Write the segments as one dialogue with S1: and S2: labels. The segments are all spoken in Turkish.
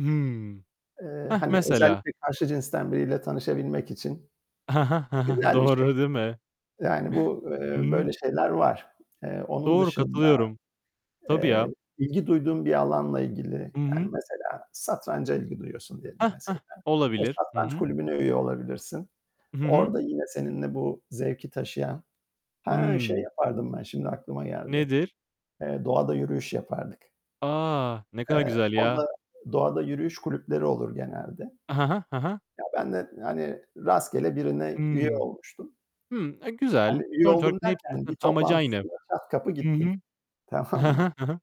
S1: Hıı.
S2: Eee,
S1: Heh,
S2: hani
S1: mesela.
S2: özellikle karşı cinsten biriyle tanışabilmek için,
S1: He he, he he.
S2: güzel bir şey
S1: Doğru, değil mi?
S2: yani bu,
S1: Hı
S2: eee, böyle
S1: hı.
S2: şeyler var. Eee, onun
S1: Doğru,
S2: dışında,
S1: katılıyorum. Tabii ya.
S2: eee, ilgi duyduğun bir alanla ilgili,
S1: Hı
S2: yani
S1: hı.
S2: mesela satranca ilgi duyuyorsun diyelim
S1: Hah,
S2: mesela,
S1: hah.
S2: o
S1: Olabilir. Hı
S2: satranç
S1: hı.
S2: kulübüne üye olabilirsin.
S1: Hı hı.
S2: Orada yine seninle bu zevki taşıyan... He, şey
S1: Hıı.
S2: yapardım ben şimdi aklıma geldi,
S1: Nedir?
S2: eee, doğada yürüyüş yapardık.
S1: Ah. Ne kadar
S2: Eee,
S1: güzel ya.
S2: orada doğada yürüyüş kulüpleri olur genelde.
S1: He he, he he.
S2: Ya ben de, hani, rastgele birine üye
S1: Hımm.
S2: olmuştum.
S1: Hı, e güzel.
S2: Hani üye
S1: Sonuç olarak
S2: oldum
S1: hepsinin
S2: derken
S1: zaten
S2: bir
S1: amacı aynı.
S2: toplantısına çat kapı
S1: Hı hı.
S2: gittim,
S1: He
S2: tamam mı?
S1: he, he he.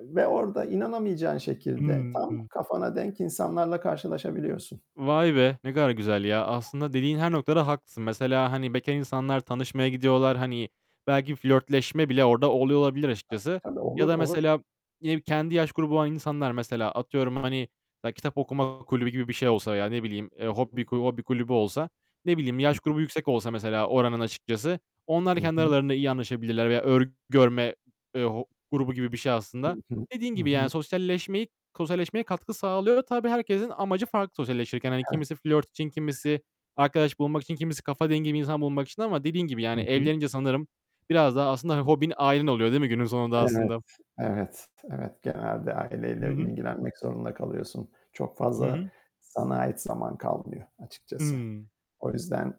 S2: Ve orada inanamayacağın şekilde tam
S1: Hıı.
S2: kafana denk insanlarla karşılaşabiliyorsun.
S1: Vay be! Ne kadar güzel ya. Aslında dediğin her noktada haklısın. Mesela, hani bekâr insanlar tanışmaya gidiyorlar. Hani belki flörtleşme bile orada oluyor olabilir açıkçası.
S2: Tabii,
S1: Ya
S2: olur,
S1: da
S2: olur.
S1: mesela, yine kendi yaş grubu olan insanlar mesela, atıyorum hani kitap okuma kulübü gibi bir şey olsa veya ne bileyim, eee, hob hobi kulübü olsa, ne bileyim,
S2: Hı
S1: yaş
S2: hı.
S1: grubu yüksek olsa mesela oranın açıkçası onlar
S2: Hı
S1: kendi
S2: hı.
S1: aralarında iyi anlaşabilirler veya örgü örme, eee, ho grubu gibi bir şey
S2: Hı
S1: aslında.
S2: hı,
S1: Dediğin
S2: hı
S1: gibi, yani,
S2: hı.
S1: sosyalleşmeyi, sosyalleşmeye katkı sağlıyor. Tabii herkesin amacı farklı sosyalleşirken. Hani
S2: Evet.
S1: kimisi flört için, kimisi arkadaş bulmak için, kimisi kafa dengi bir insan bulmak için ama dediğin gibi
S2: Hı
S1: yani,
S2: hı.
S1: evlenince sanırım biraz daha aslında, hani, hobin, ailen oluyor, değil mi günün sonunda
S2: Evet.
S1: aslında?
S2: Evet, evet, genelde
S1: Hı
S2: aileyle
S1: hı.
S2: ilgilenmek zorunda kalıyorsun. Çok
S1: Hı
S2: fazla
S1: hı.
S2: sana ait zaman kalmıyor açıkçası.
S1: Hıı.
S2: O yüzden,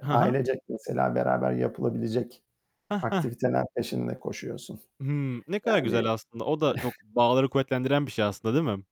S1: He he.
S2: ailecek mesela beraber yapılabilecek
S1: Heh, heh.
S2: aktiviteler peşinde koşuyorsun.
S1: Hımm. Ne kadar güzel
S2: Yani
S1: aslında. O da çok bağları kuvvetlendiren bir şey aslında, değil mi?